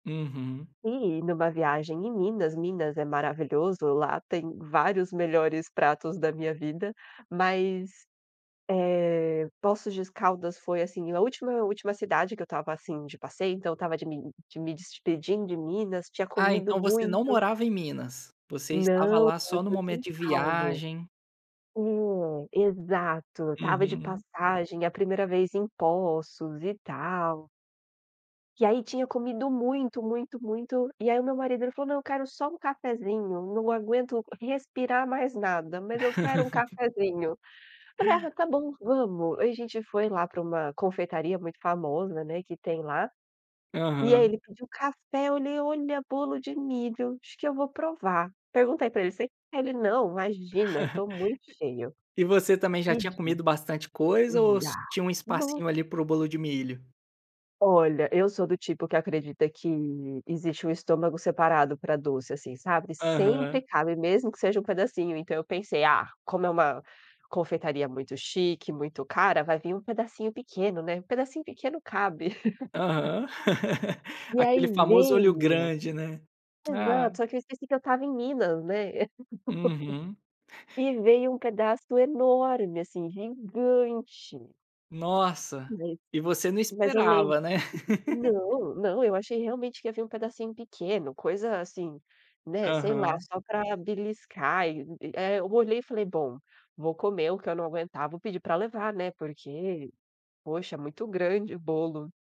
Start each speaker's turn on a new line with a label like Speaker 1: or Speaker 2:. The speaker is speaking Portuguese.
Speaker 1: Uhum.
Speaker 2: E numa viagem em Minas, Minas é maravilhoso, lá tem vários melhores pratos da minha vida, mas, eh, Poços de Caldas foi assim, a última última cidade que eu estava assim de passeio, então eu estava de mim de me despedindo de Minas, tinha
Speaker 1: Ah,
Speaker 2: comido
Speaker 1: então você não
Speaker 2: muito.
Speaker 1: morava em Minas, você estava
Speaker 2: Não,
Speaker 1: lá
Speaker 2: eu
Speaker 1: só no
Speaker 2: sou de São
Speaker 1: momento de
Speaker 2: Paulo,
Speaker 1: viagem.
Speaker 2: é exato, eu estava de
Speaker 1: Uhum.
Speaker 2: passagem a primeira vez em Poços e tal. E aí tinha comido muito, muito, muito, e aí o meu marido ele falou: "Não, eu quero só um cafezinho, não aguento respirar mais nada, mas eu quero um cafezinho". Falei: "Ah está bom, vamos". A gente foi lá pra uma confeitaria muito famosa, né, que tem lá, e aí
Speaker 1: Aham.
Speaker 2: ele pediu café, olhei: "Olha bolo de milho, acho que eu vou provar". Perguntei pra ele: "Você quer"? Ele: "Não, imagina, tô muito cheio".
Speaker 1: E você também já tinha
Speaker 2: Pedi.
Speaker 1: comido bastante coisa, ou ss
Speaker 2: [unintelligible]
Speaker 1: tinha um espacinho
Speaker 2: nossa.
Speaker 1: ali para o bolo de milho?
Speaker 2: Olha, eu sou do tipo que acredita que, existe um estômago separado pra doce assim, sabe, sempre
Speaker 1: Aham.
Speaker 2: cabe mesmo que seja um pedacinho então eu pensei, ah, como é uma confeitaria muito chique, muito cara, vai vim um pedacinho pequeno, né, um pedacinho pequeno cabe.
Speaker 1: Aham.
Speaker 2: E
Speaker 1: Aquele
Speaker 2: aí
Speaker 1: famoso olho
Speaker 2: veio,
Speaker 1: grande, né. Ah.
Speaker 2: exato só que eu esqueci que eu estava em Minas, né.
Speaker 1: Uhum.
Speaker 2: E veio um pedaço enorme assim, gigante.
Speaker 1: Nossa
Speaker 2: E veio,
Speaker 1: e você não
Speaker 2: mas eu lembro,
Speaker 1: esperava, né.
Speaker 2: não, não, eu achei realmente que ia vir um pedacinho pequeno, coisa assim, né, sei lá
Speaker 1: Aham.
Speaker 2: só para beliscar, e e é, eu olhei e falei bom, vou comer o que eu não aguentar vou pedir pra levar, né, porque, poxa é muito grande o bolo.